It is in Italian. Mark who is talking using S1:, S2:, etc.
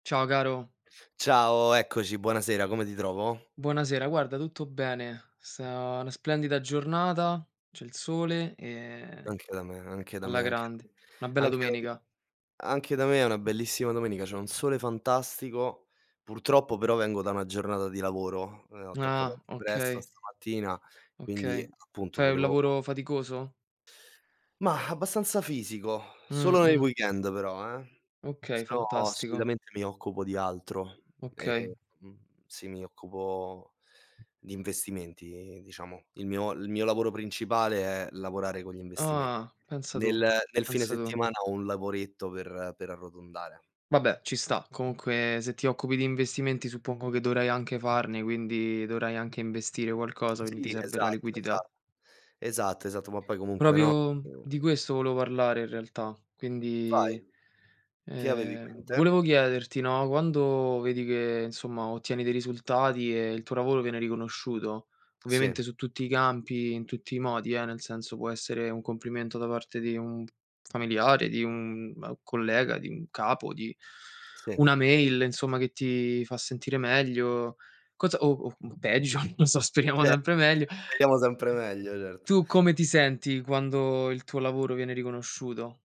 S1: Ciao caro.
S2: Ciao, eccoci, buonasera. Come ti trovo?
S1: Buonasera. Guarda, tutto bene. Sta una splendida giornata, c'è il sole, ehm,
S2: Anche da me, anche da
S1: alla
S2: me, anche da
S1: grande. Una bella
S2: anche da m
S1: domenica.
S2: anche da me è una bellissima domenica. C'è un sole fantastico, purtroppo però vengo da una giornata di lavoro. Ehm, ho attaccato
S1: Ah,
S2: anche presto
S1: okay.
S2: stamattina, quindi
S1: Okay.
S2: appunto
S1: Fai un
S2: volevo
S1: lavoro faticoso?
S2: Mah, abbastanza fisico, solo nel
S1: Mh-mh.
S2: weekend però, eh, se
S1: Okay,
S2: no
S1: fantastico.
S2: solitamente mi occupo di altro
S1: Okay.
S2: e mhmm, sì, mi occupo di investimenti, diciamo. Il mio il mio lavoro principale è lavorare con gli investimen
S1: Ah. Pensa tu,
S2: nel nel fine
S1: pensa tu.
S2: settimana ho un lavoretto per per arrotondare.
S1: Vabbè, ci sta. Comunque se ti occupi di investimenti suppongo che dovrai anche farne, quindi dovrai anche investire qualcosa, quindi ti
S2: Sì,
S1: serve la
S2: esatto,
S1: liquidità.
S2: esa esatto, esatto ma poi comunque, no,
S1: Proprio
S2: mhmm
S1: di questo volevo parlare in realtà.
S2: Vai,
S1: Quindi,
S2: che avevi in
S1: ehm,
S2: mente?
S1: volevo chiederti, no, quando vedi che, insomma, ottieni dei risultati e il tuo lavoro viene riconosciuto,
S2: Sì.
S1: ovviamente su tutti i campi, in tutti i modi, eh, nel senso può essere un complimento da parte di un familiare, di un, uhm, collega, di un capo, di
S2: Sì.
S1: una mail, insomma, che ti fa sentire meglio, cosa o o, mhmm, peggio, non so, speriamo
S2: Ce
S1: sempre meglio,
S2: speriamo sempre meglio, certo.
S1: tu come ti senti quando il tuo lavoro viene riconosciuto?